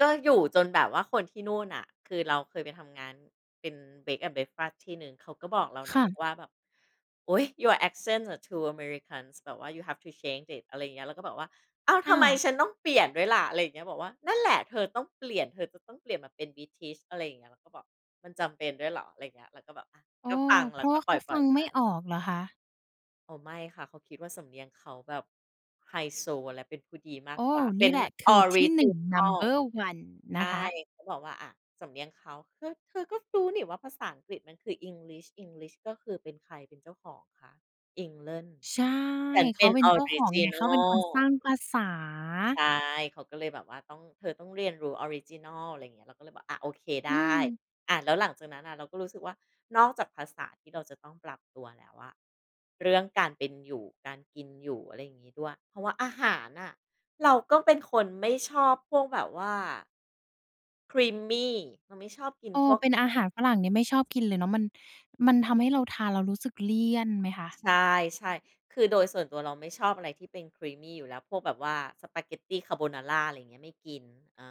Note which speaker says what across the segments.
Speaker 1: ก็อยู่จนแบบว่าคนที่นู่นน่ะ คือเราเคยไปทำงานเป็น bread and breakfast ที่หนึ่ง เขาก็บอกเรา
Speaker 2: ค
Speaker 1: นะ
Speaker 2: ่
Speaker 1: บ
Speaker 2: ะ
Speaker 1: อกว่าแบบ โอ๊ย your accent อะ too americans แบบว่า you have to change it อะไรอย่างเงี้ย เราก็แบบ "อ้าว
Speaker 2: อ้
Speaker 1: ทำ
Speaker 2: า
Speaker 1: ไม
Speaker 2: ว
Speaker 1: ฉันต้องเปลี่ยนด้วยล่ะ?" อะไรอย่างเงี้ย บอกว่า นั่นแหละ "เธอต้องเปลี่ยน เธอจะต้องเปลี่ยนมาเป็น British" อะไรอย่างเงี้ย เราก็บอก "มันจำเป็นด้วยเหรอ?" อะไรอย่างเงี้ย เราก็แบบ อา
Speaker 2: อ๋อ
Speaker 1: ก็ฟัง
Speaker 2: เพ
Speaker 1: แล
Speaker 2: ร
Speaker 1: ้
Speaker 2: า
Speaker 1: ว
Speaker 2: ะ
Speaker 1: ก
Speaker 2: ว่
Speaker 1: ็
Speaker 2: าเ
Speaker 1: ป
Speaker 2: ข
Speaker 1: ล
Speaker 2: าฟั
Speaker 1: ่อย
Speaker 2: ง
Speaker 1: ๆ
Speaker 2: ไ
Speaker 1: ไ
Speaker 2: ม่
Speaker 1: ป
Speaker 2: ออกเหรอคะ?
Speaker 1: อ๋อ ไม่ค่ะ เขาคิดว่าสำเนียงเขาแบบไฮโซและเป็นผู้ดีม
Speaker 2: โ
Speaker 1: า
Speaker 2: อ
Speaker 1: ก
Speaker 2: ้
Speaker 1: กว
Speaker 2: โฮ
Speaker 1: ่า
Speaker 2: น
Speaker 1: เป
Speaker 2: ี่
Speaker 1: ็น
Speaker 2: แหละค
Speaker 1: อ
Speaker 2: ือ
Speaker 1: อ
Speaker 2: ท
Speaker 1: ร
Speaker 2: ี่
Speaker 1: ิ
Speaker 2: หน
Speaker 1: จ
Speaker 2: ึ
Speaker 1: ิ
Speaker 2: ่ง
Speaker 1: นัล
Speaker 2: Number one น
Speaker 1: ใช่
Speaker 2: ะคะ
Speaker 1: เขาบอกว่า อา สำเนียงเขา "เธอ เธอก็รู้นี่ว่าภาษาอังกฤษมัน คือ English English ก็คือ เป็นใครเป็นเจ้าของคะ? England
Speaker 2: ใช่
Speaker 1: ฉัน
Speaker 2: เข
Speaker 1: เป
Speaker 2: า
Speaker 1: ็น
Speaker 2: เป็น
Speaker 1: ออ
Speaker 2: เจ้า
Speaker 1: ร
Speaker 2: ข
Speaker 1: ิ
Speaker 2: อง
Speaker 1: จ
Speaker 2: ไ
Speaker 1: ิ
Speaker 2: ง
Speaker 1: น
Speaker 2: เ
Speaker 1: ั
Speaker 2: ขาเป็นคน
Speaker 1: ล"
Speaker 2: สร้างภาษา
Speaker 1: ใช่ เขาก็เลยแบบว่าต้อง เธอต้องเรียนรู้ออริจินัล อะไรอย่างเงี้ย เราก็เลยบอก อา "โอเค ไ
Speaker 2: อื
Speaker 1: ด้"
Speaker 2: ม
Speaker 1: อา แล้วหลังจากนั้นน่ะ เราก็รู้สึกว่านอกจากภาษาที่เราจะต้องปรับตัวแล้วอะ เรื่องการเป็นอยู่ การกินอยู่ อะไรอย่างงี้ด้วย เพราะว่าอาหารน่ะ เราก็เป็นคนไม่ชอบพวกแบบว่า creamy เราไม่ชอบกิน
Speaker 2: เอ
Speaker 1: พ
Speaker 2: อ
Speaker 1: วก
Speaker 2: เป็นอาหารฝรั่งเนี่ยไม่ชอบกินเลยเนาะ มัน มันทำให้เราทานแล้วรู้สึกเลี่ยนไหมคะ?
Speaker 1: ใช่ ๆ คือ โดยส่วนตัวเราไม่ชอบอะไรที่เป็น creamy อยู่แล้ว พวกแบบว่าสปาเกตตีคาร์โบนารา อะไรอย่างเงี้ย ไม่กิน อา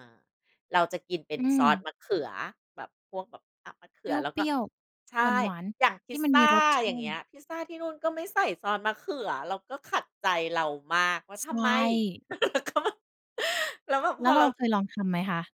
Speaker 1: เราจะกินเป็
Speaker 2: อ
Speaker 1: น
Speaker 2: ื
Speaker 1: ซอส
Speaker 2: ม
Speaker 1: มะเขือแบบ พวกแบบ อา มะเข
Speaker 2: เป
Speaker 1: ือแล้วก
Speaker 2: ร
Speaker 1: ็
Speaker 2: ี้ยว
Speaker 1: ใช
Speaker 2: ๆ
Speaker 1: ่
Speaker 2: หวาน
Speaker 1: อย่างพ
Speaker 2: ๆ ที
Speaker 1: ิ
Speaker 2: ่
Speaker 1: ซ
Speaker 2: มัน
Speaker 1: ซ
Speaker 2: ม
Speaker 1: า
Speaker 2: ีรสช
Speaker 1: อย่
Speaker 2: า
Speaker 1: างเงี้
Speaker 2: ต
Speaker 1: ย
Speaker 2: ิ
Speaker 1: พิซซาที่นู่นก็ไม่ใส่ซอสมะเขือ เราก็ขัดใจเรามากว่า
Speaker 2: ส ใ
Speaker 1: ท
Speaker 2: ช
Speaker 1: ำไม?
Speaker 2: ่
Speaker 1: เขาแบบ แล้วแบบ
Speaker 2: แ
Speaker 1: พ
Speaker 2: ล้ว
Speaker 1: อ
Speaker 2: เร
Speaker 1: เ
Speaker 2: า
Speaker 1: รา
Speaker 2: เคยลองทำไหมคะ?